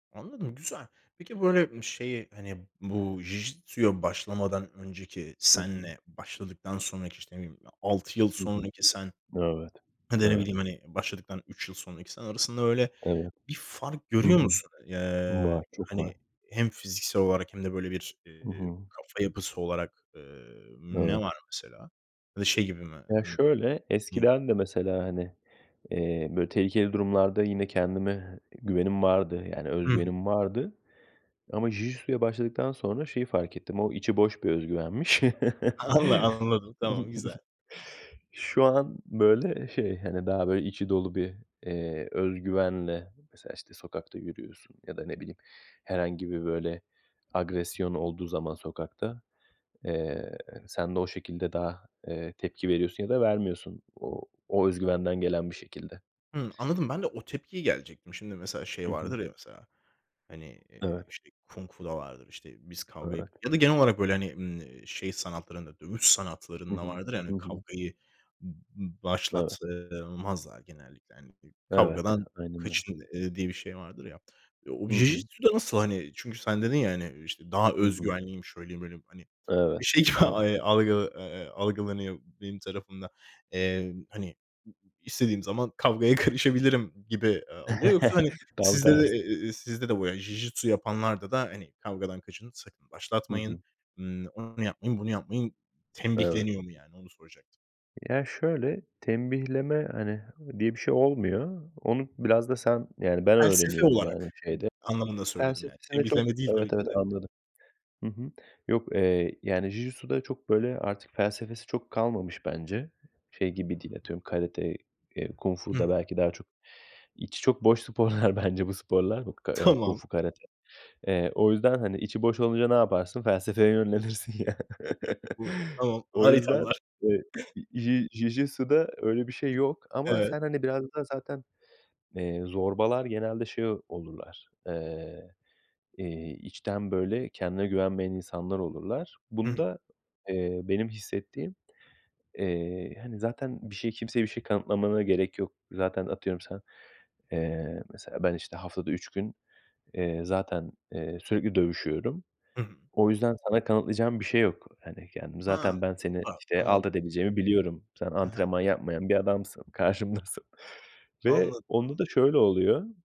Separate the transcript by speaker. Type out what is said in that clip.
Speaker 1: Anladım, güzel. Peki, böyle, ımm, şeyi, hani, bu Jijitsu'ya başlamadan önceki
Speaker 2: Hı hı.
Speaker 1: senle başladıktan sonraki, işte, ne bileyim, 6 yıl
Speaker 2: Hı hı.
Speaker 1: sonraki sen,
Speaker 2: Evet.
Speaker 1: hani, ya da, ne
Speaker 2: Evet.
Speaker 1: bileyim, hani, başladıktan 3 yıl sonraki sen arasında öyle
Speaker 2: Evet.
Speaker 1: bir fark
Speaker 2: Hı
Speaker 1: görüyor
Speaker 2: hı.
Speaker 1: musun? Eee,
Speaker 2: Var, çok
Speaker 1: hani,
Speaker 2: var.
Speaker 1: hem fiziksel olarak hem de, böyle, bir,
Speaker 2: Hı
Speaker 1: iii,
Speaker 2: hı.
Speaker 1: kafa yapısı olarak, eee, ne var
Speaker 2: Evet.
Speaker 1: mesela? Ya da şey gibi mi,
Speaker 2: Ya
Speaker 1: eee
Speaker 2: şöyle:
Speaker 1: [unintelligible]
Speaker 2: Eskiden de mesela, hani, eee, böyle, tehlikeli durumlarda yine kendime güvenim vardı. Yani öz
Speaker 1: Hı hı.
Speaker 2: güvenim vardı ama Jijitsu'ya başladıktan sonra şeyi fark ettim: O içi boş bir öz güvenmiş.
Speaker 1: Anla anladım, tamam, güzel.
Speaker 2: Şu an, böyle, şey, hani, daha böyle içi dolu bir, eee, öz güvenle Mesela, işte, sokakta yürüyorsun ya da, ne bileyim, herhangi bir, böyle, agresyon olduğu zaman sokakta, eee, sen de o şekilde daha, eee, tepki veriyorsun ya da vermiyorsun. O o öz güvenden gelen bir şekilde.
Speaker 1: Hımm, anladım. Ben de o tepkiyi gelecektim. Şimdi mesela şey
Speaker 2: Hı hı.
Speaker 1: vardır ya: Mesela, hani, eee,
Speaker 2: Evet.
Speaker 1: işte, Kung Fu'da vardır. İşte, biz kavgayı g
Speaker 2: Evet.
Speaker 1: ya da genel olarak böyle, hani, iii, şey sanatlarında, dövüş
Speaker 2: Hı
Speaker 1: sanatlarında
Speaker 2: hı.
Speaker 1: vardır ya hani
Speaker 2: Hı hı.
Speaker 1: kavgayı b başlat,
Speaker 2: Evet.
Speaker 1: eee, mazlar genellikle hani. I
Speaker 2: Evet.
Speaker 1: "Kavgadan
Speaker 2: Aynen öyle.
Speaker 1: kaçın!" eee, diye bir şey vardır ya. O
Speaker 2: Hı hı.
Speaker 1: Jijitsu'da nasıl hani? Çünkü sen dedin ya hani, işte, "Daha
Speaker 2: Hı
Speaker 1: öz
Speaker 2: hı.
Speaker 1: güvenliyim, şöyleyim, böyleyim." Hani,
Speaker 2: Evet,
Speaker 1: şey gibi,
Speaker 2: evet.
Speaker 1: eee, eee, algı eee, algılanıyor benim tarafımda. Eee, hani, ı ı "İstediğim zaman kavgaya karışabilirim." gibi, eee, algıya Yoksa, hani,
Speaker 2: Tam
Speaker 1: sizde de
Speaker 2: tersi.
Speaker 1: ı ı sizde de bu ya, jijitsu yapanlarda da, hani, "Kavgadan kaçının, sakın
Speaker 2: Hı
Speaker 1: başlatmayın.
Speaker 2: hı.
Speaker 1: Imm, onu yapmayın, bunu yapmayın."
Speaker 2: Evet.
Speaker 1: tembihleniyor mu? Yani, onu soracaktım.
Speaker 2: Ya, şöyle: Tembihleme, hani, diye bir şey olmuyor. Onu biraz da sen Yani ben
Speaker 1: Felsefe
Speaker 2: öğreniyorum, yani,
Speaker 1: olarak
Speaker 2: şeyde
Speaker 1: [unintelligible] anlamında söyledim. Yani
Speaker 2: Felsefesini çok
Speaker 1: tembihleme değil
Speaker 2: Evet,
Speaker 1: tabii ki
Speaker 2: evet,
Speaker 1: de.
Speaker 2: anladım. Hı hı. Yok, eee, yani, Jijitsu'da çok, böyle, artık felsefesi çok kalmamış bence. Şey gibi değil, atıyorum, karate, eee, kung
Speaker 1: Hı
Speaker 2: fu da
Speaker 1: hı.
Speaker 2: belki daha çok içi çok boş sporlar bence bu sporlar k eee, kung
Speaker 1: Tamam.
Speaker 2: fu, karate. Eee, o yüzden, hani, içi boş olunca ne yaparsın? Felsefeye yönlenirsin ya.
Speaker 1: Bu Tamam.
Speaker 2: O
Speaker 1: Ağır
Speaker 2: yüzden,
Speaker 1: ithamlar!
Speaker 2: eee, Ji Jijitsu'da öyle bir şey yok ama
Speaker 1: Evet.
Speaker 2: sen, hani, biraz daha zaten, eee, zorbalar genelde şey ol olurlar, eee, iii, içten, böyle, kendine güvenmeyen insanlar olurlar.
Speaker 1: Hı hı.
Speaker 2: Bunda, eee, benim hissettiğim, eee, hani, zaten bir şeyi kimseye bir şey kanıtlamana gerek yok. Zaten, atıyorum, sen Eee, mesela ben, işte, haftada 3 gün, eee, zaten, eee, sürekli dövüşüyorum.
Speaker 1: Hı hı.
Speaker 2: O yüzden sana kanıtlayacağım bir şey yok. Hani, kendimi
Speaker 1: Ha!
Speaker 2: Zaten ben seni,
Speaker 1: [unintelligible]
Speaker 2: işte,
Speaker 1: Tamam, anla
Speaker 2: alt edebileceğimi biliyorum. Sen
Speaker 1: He he.
Speaker 2: antrenman yapmayan bir adamsın, karşımdasın. Ve
Speaker 1: Anladım,
Speaker 2: onda
Speaker 1: anla
Speaker 2: da şöyle oluyor